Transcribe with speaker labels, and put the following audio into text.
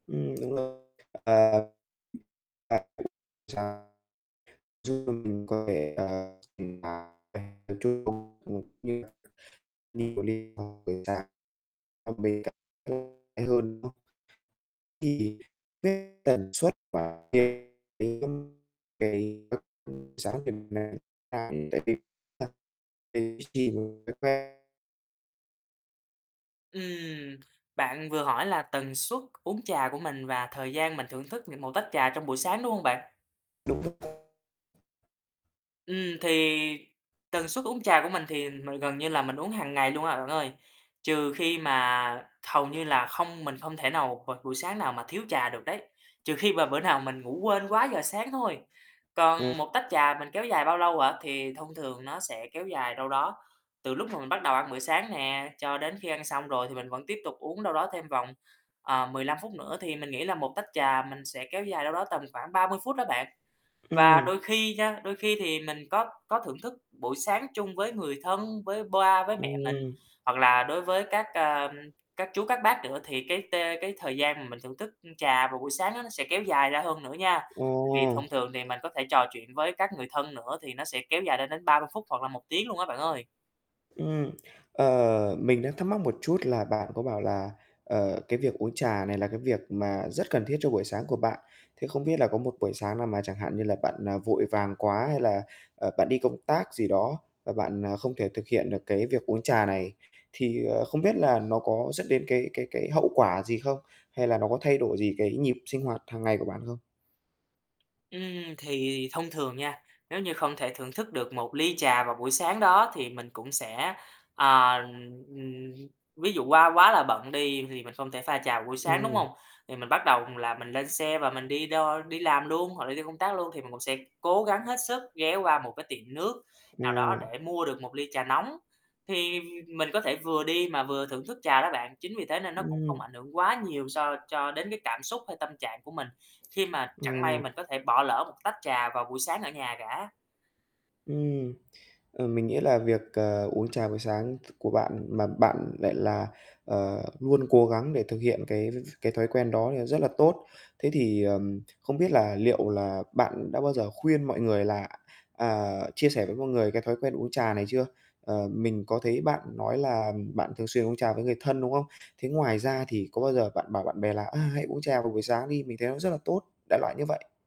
Speaker 1: Ừm, đúng rồi. À, [unintelligible] trà, trước đây mình có vẻ, à, [unintelligible] bên cạnh [unintelligible] hay hơn, đúng không? Thì cái tần suất mà [unintelligible]
Speaker 2: Ừm, bạn vừa hỏi là tần suất uống trà của mình và thời gian mình thưởng thức n một tách trà trong buổi sáng, đúng hông bạn?
Speaker 1: Đúng rồi.
Speaker 2: Ừm, thì tần suất uống trà của mình thì m gần như là mình uống hàng ngày luôn à, bạn ơi, trừ khi mà hầu như là không mình không thể nào v buổi sáng nào mà thiếu trà được đấy, trừ khi mà bữa nào mình ngủ quên quá giờ sáng thôi. Còn
Speaker 1: [unintelligible]
Speaker 2: một tách trà mình kéo dài bao lâu hả? Thì thông thường nó sẽ kéo dài đâu đó từ lúc mà mình bắt đầu ăn bữa sáng nè, cho đến khi ăn xong rồi thì mình vẫn tiếp tục uống đâu đó thêm vòng, ờ, 15 phút nữa, thì mình nghĩ là một tách trà mình sẽ kéo dài đâu đó tầm khoảng 30 phút đó bạn. Và
Speaker 1: Ừm.
Speaker 2: đôi khi nha, đôi khi thì mình có có thưởng thức buổi sáng chung với người thân, với ba với mẹ mình,
Speaker 1: Ừm.
Speaker 2: hoặc là đối với các, ơ, các chú, các bác nữa thì cái t cái thời gian mà mình thưởng thức trà vào buổi sáng á nó sẽ kéo dài ra hơn nữa nha.
Speaker 1: Ờ.
Speaker 2: Tại vì thông thường thì mình có thể trò chuyện với các người thân nữa thì nó sẽ kéo dài lên đến 30 phút hoặc là 1 tiếng luôn á bạn ơi.
Speaker 1: Ừm, ờ, mình đang thắc mắc một chút là bạn có bảo là, ờ, cái việc uống trà này là cái việc mà rất cần thiết cho buổi sáng của bạn, thì không biết là có một buổi sáng nào mà chẳng hạn như là bạn, ờ, vội vàng quá hay là, ờ, bạn đi công tác gì đó, và bạn, à, không thể thực hiện được cái việc uống trà này, thì, ờ, không biết là nó có dẫn đến cái cái cái hậu quả gì không, hay là nó có thay đổi gì cái nhịp sinh hoạt hàng ngày của bạn không?
Speaker 2: Ừm, thì thông thường nha, nếu như không thể thưởng thức được một ly trà vào buổi sáng đó thì mình cũng sẽ ờ, ừm, ví dụ qua quá là bận đi thì mình không thể pha trà vào buổi sáng, đúng
Speaker 1: Ừm.
Speaker 2: hông? Thì mình bắt đầu, ừm, là mình lên xe và mình đi đo đi làm luôn hoặc là đi công tác luôn thì mình cũng sẽ cố gắng hết sức ghé qua một cái tiệm nước nào đó
Speaker 1: Ừ.
Speaker 2: để mua được một ly trà nóng, thì mình có thể vừa đi mà vừa thưởng thức trà đó bạn. Chính vì thế nên nó cũng không
Speaker 1: Ừm.
Speaker 2: ảnh hưởng quá nhiều so cho đến cái cảm xúc hay tâm trạng của mình, khi mà
Speaker 1: Ờ.
Speaker 2: chẳng may mình có thể bỏ lỡ một tách trà vào buổi sáng ở nhà cả.
Speaker 1: Ừm, ờ, mình nghĩ là việc, ờ, uống trà buổi sáng t của bạn mà bạn lại là, ờ, luôn cố gắng để thực hiện cái [unintelligible] cái thói quen đó thì nó rất là tốt. Thế thì, ờm, không biết là liệu là bạn đã bao giờ khuyên mọi người là à, chia sẻ với mọi người cái thói quen uống trà này chưa? Ờ, mình có thấy bạn nói là bạn thường xuyên uống trà với người thân, đúng không? Thế ngoài ra thì có bao giờ bạn bảo bạn bè là "À, hãy uống trà vào buổi sáng đi, mình thấy nó rất là tốt", đại loại như vậy?